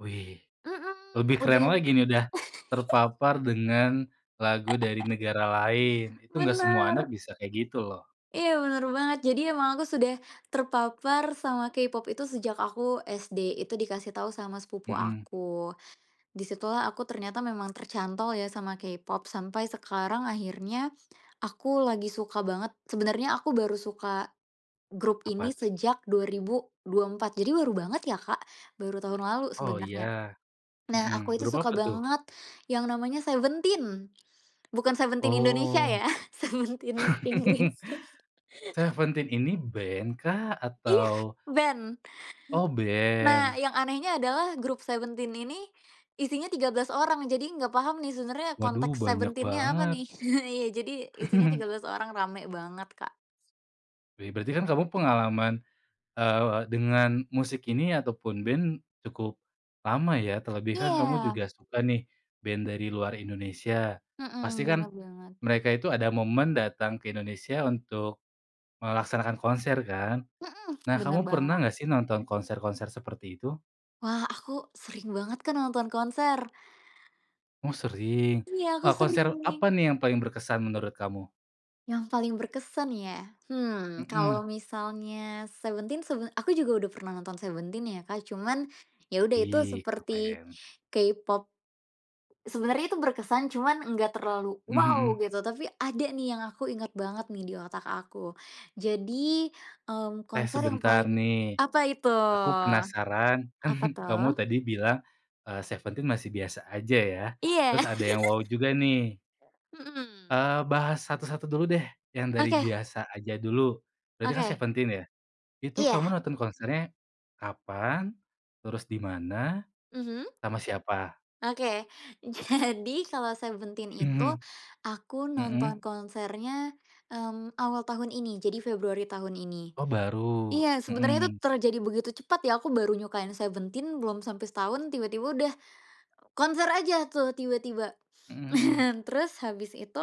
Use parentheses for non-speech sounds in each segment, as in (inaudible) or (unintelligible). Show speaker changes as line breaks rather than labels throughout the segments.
Wih,
Mhm.
lebih keren lagi nih dah,
(unintelligible) (laughs)
terpapar dengan lagu dari negara lain.
(laughs)
Itu enggak semua anak
Bener.
bisa kayak gitu, loh.
Iya, benar banget. Jadi emang aku sudah terpapar sama K-Pop itu sejak aku SD. Itu dikasih tahu sama sepupu
Mhm.
aku, di situlah aku ternyata memang tercantol ya sama K-Pop sampai sekarang akhirnya aku lagi suka banget sebenernya aku baru suka grup
Apa,
ini
tuh?
sejak 2024. Jadi baru banget ya, Kak, baru tahun lalu
Oh,
sebenarnya.
ya.
Nah,
Mhm,
aku itu
grup
suka
apa, tuh?
banget yang namanya Seventeen, bukan Seventeen Indonesia
Oh.
ya, Seventeen
(laughs)
Inggris. (laughs)
Seventeen ini ben kah
Iya,
atau
ben.
Oh,
Nah,
ben.
yang anehnya adalah grup Seventeen ini isinya 13 orang, jadi nggak paham nih sebenernya
Waduh,
konteks
banyak
Seventeen-nya apa
banget.
nih. Iya, jadi isinya tiga
(laughs)
belas orang, rame banget, Kak.
Be berarti kan kamu pengalaman, eee, dengan musik ini ataupun ben cukup lama, ya. Terlebihkan kamu
Iya.
juga suka nih ben dari luar Indonesia, pasti
Heeh,
kan
bener banget.
mereka itu ada momen datang ke Indonesia untuk melaksanakan konser kan?
Mhm.
Nah,
Bener
kamu
banget.
pernah nggak sih nonton konser-konser seperti itu?
Wah, aku sering banget, Kak, nonton konser.
Oh, sering.
Iya, aku
Wah, konser
sering.
apa nih yang paling berkesan menurut kamu?
Yang paling berkesan, ya? Hmm,
Heeh.
kalau misalnya Seventen sebe aku juga udah pernah nonton Seventeen ya, Kak. Cuman ya udah itu
Wih,
seperti
keren.
K-Pop sebenarnya itu berkesan, cuman nggak terlalu
Heeh
wow,
heeh.
gitu, tapi ada nih yang aku inget banget nih di otak aku, jadi, mmm,
Eh,
konser yang
sebentar
paling
nih,
apa itu?
aku penasaran. Kan
Apa
kamu
tuh?
tadi bilang, eee, Seventeen masih biasa aja ya,
Iya.
terus ada yang wow juga nih.
(laughs) Mhm.
Eee, bahas satu-satu dulu deh, yang dari
Oke.
biasa aja dulu. Berarti kan
Oke.
Seventeen ya, itu kamu
Iya.
nonton konsernya kapan, terus dimana,
Mhm.
sama siapa?
Oke. Jadi, kalau Seventeen itu
Mhm.
aku nonton
Heeh.
konsernya, mmm, awal tahun ini. Jadi Februari tahun ini.
Oh, baru.
Iya, sebenernya
Mhm.
terjadi begitu cepat ya, aku baru nyukain Seventeen belum sampe setahun tiba-tiba udah konser aja tuh tiba-tiba,
Mhm mhm.
(chuckles) terus habis itu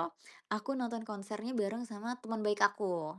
aku nonton konsernya bareng sama teman baik aku.